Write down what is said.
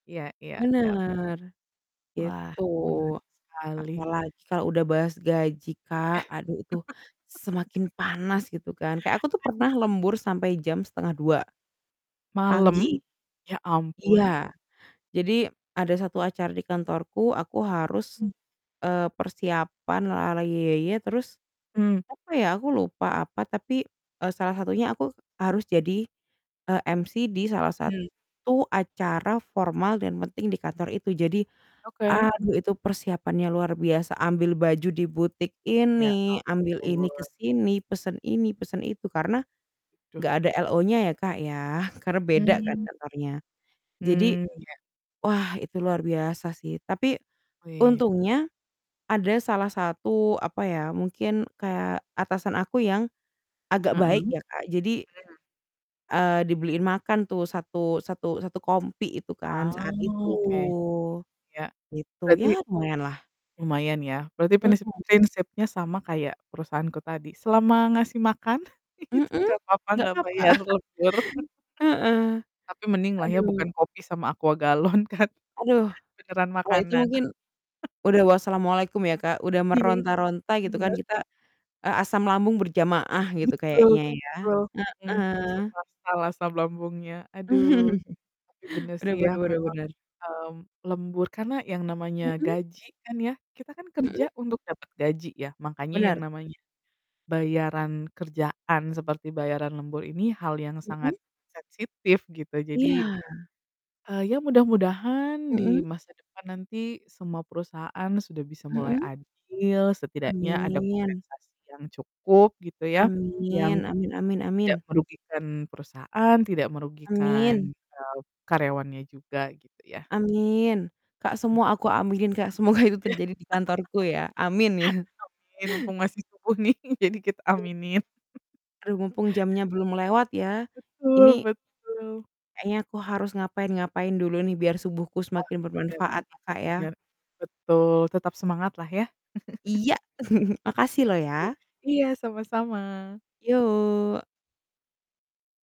Iya iya iya. Bener, Wah, gitu. menarik sekali. Apalagi kalau udah bahas gaji Kak, aduh itu semakin Aduh. panas, gitu kan, kayak aku tuh Aduh. pernah lembur sampai jam 01:30. Malam? Pagi, Ya ampun. iya. Jadi, ada 1 acara di kantorku, aku harus, Mmm. eee, persiapan la la la, ye ye ye, terus, Mmm. apa ya, aku lupa apa, tapi, eee, salah satunya aku harus jadi, eee, MC di salah Mmm. satu acara formal dan penting di kantor itu. Jadi, Oke. aduh, itu persiapannya luar biasa, ambil baju di butik Ya, ini, ambil ini ampun. kesini, pesen ini, pesen itu. Karena, Aduh. nggak ada LO-nya ya, Kak, ya, karena beda kan, Mmm. kantornya. Jadi, Mmm, iya. wah, itu luar biasa sih, tapi Wih. untungnya ada salah satu, apa ya, mungkin kayak atasan aku yang agak Heeh. baik Mmm. ya, Kak. Jadi eee, dibeliin makan tuh satu satu satu kompi itu kan, Ah, saat itu, oke. Iya, gitu, berarti ya lumayanlah. lumayan ya? Berarti, prinsip Mhm. prinsipnya sama kayak perusahaanku tadi, selama ngasih makan, itu Mhm? nggak apa-apa Nggak nggak papa. bayar lembur. Heeh, Tapi mending lah ya, aduh. bukan kopi sama Aqua galon kan? Aduh, Beneran kalau itu makanan. mungkin udah wassalamu'alaikum ya, Kak, udah Iya, meronta-ronta gitu kan, benar. kita, eee, asam lambung berjamaah gitu, Betul kayaknya ya, betul, mhm, langsung heeh. masalah asam lambungnya, aduh. Tapi bener sih Bener ya, bener bener memang, bener. mmm, lembur karena yang namanya Mhm? gaji kan ya, kita kan kerja Mhm? untuk dapet gaji ya, makanya yang Bener. namanya bayaran kerjaan, seperti bayaran lembur ini hal yang Mhm. sangat sensitif, gitu. Jadi Iya. eee, ya mudah-mudahan di Mhm. masa depan nanti, semua perusahaan sudah bisa mulai Mhm. adil, setidaknya ada Amin. kompensasi yang cukup, gitu ya, yang Amin amin amin tidak amin. merugikan perusahaan, tidak merugikan, Amin. eee, karyawannya juga, gitu ya. Amin, Kak, Mmm. semua aku aminin, Kak, semoga itu Iya. terjadi di kantorku ya, amin ya. Amin, mumpung masih subuh nih, jadi kita [unintelligible] aminin. Aduh, mumpung jamnya belum lewat ya, Betul ini betul. kayaknya aku harus ngapain-ngapain dulu nih, biar subuhku Nah, semakin bener, bermanfaat, ya, Kak, ya. bener, betul, tetap semangat lah ya. Iya. Makasih loh, Pasti, ya. iya, sama-sama. Yuk.